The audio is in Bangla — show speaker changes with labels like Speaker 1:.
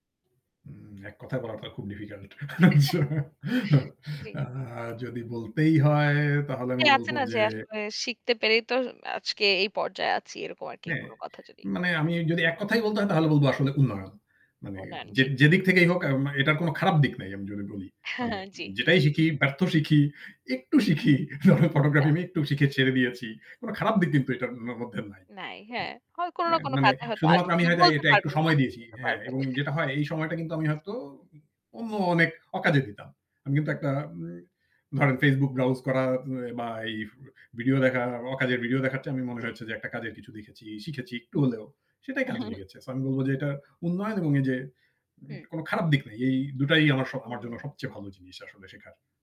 Speaker 1: উম ১ কথায় বলা তো খুব ডিফিকাল্ট।
Speaker 2: জ্বী।
Speaker 1: যদি বলতেই হয় তাহলে
Speaker 2: জি
Speaker 1: আমি
Speaker 2: আছে
Speaker 1: বলব
Speaker 2: না
Speaker 1: যে
Speaker 2: যে আসলে শিখতে পেরেই তো আজকে এই পর্যায়ে আছি। এরকম আরকি
Speaker 1: হ্যাঁ
Speaker 2: কোন কথা যদি।
Speaker 1: মানে আমি যদি এক কথায়ই বলতে হয় তাহলে বলবো আসলে উন্নয়ন। মানে
Speaker 2: উন্নয়ন,
Speaker 1: যে
Speaker 2: জি।
Speaker 1: যেদিক থেকেই হোক এটার কোনো খারাপ দিক নাই আমি যদি বলি। মানে
Speaker 2: জ্বী।
Speaker 1: যেটাই শিখি, ব্যর্থ শিখি, একটু শিখি যেমন আমি ফটোগ্রাফি
Speaker 2: হ্যাঁ।
Speaker 1: আমি একটু শিখে ছেড়ে দিয়েছি। কোন খারাপ
Speaker 2: [unintelligible]
Speaker 1: দিক কিন্তু এটার ম মধ্যে নাই
Speaker 2: নাই
Speaker 1: হ্যাঁ,
Speaker 2: হ্যাঁ, হয় কোনো
Speaker 1: অ্যা
Speaker 2: না কোনো
Speaker 1: মানে
Speaker 2: কাজে হয়তো
Speaker 1: শুধুমাত্র
Speaker 2: আসবে।
Speaker 1: আমি
Speaker 2: বা
Speaker 1: হয়তো
Speaker 2: বলতে
Speaker 1: এটা একটু
Speaker 2: পারবেন,
Speaker 1: সময়
Speaker 2: তখন
Speaker 1: দিয়েছি,
Speaker 2: বলতে
Speaker 1: হ্যাঁ।
Speaker 2: পারবেন।
Speaker 1: এবং যেটা হয় এই সময়টা কিন্তু আমি হয়তো অন্য অনেক অকাজে দিতাম। আমি কিন্তু
Speaker 2: হুম।
Speaker 1: একটা এ ধরেন Facebook ব্রাউজ করা বা এই ভিডিও দেখা। অকাজের ভিডিও দেখার চেয়ে আমি মনে
Speaker 2: জ্বী।
Speaker 1: হচ্ছে যে একটা কাজের কিছু দেখেছি। শিখেছি একটু হলেও সেটাই
Speaker 2: উম।
Speaker 1: কাজে লেগেছে। সো আমি বলব যে এটা উন্নয়ন এবং এই যে
Speaker 2: হুম।
Speaker 1: কোন খারাপ দিক নেই। এই দুটাই আমার স আমার জন্য
Speaker 2: উম।
Speaker 1: সবচেয়ে ভালো জিনিস আসলে শেখার।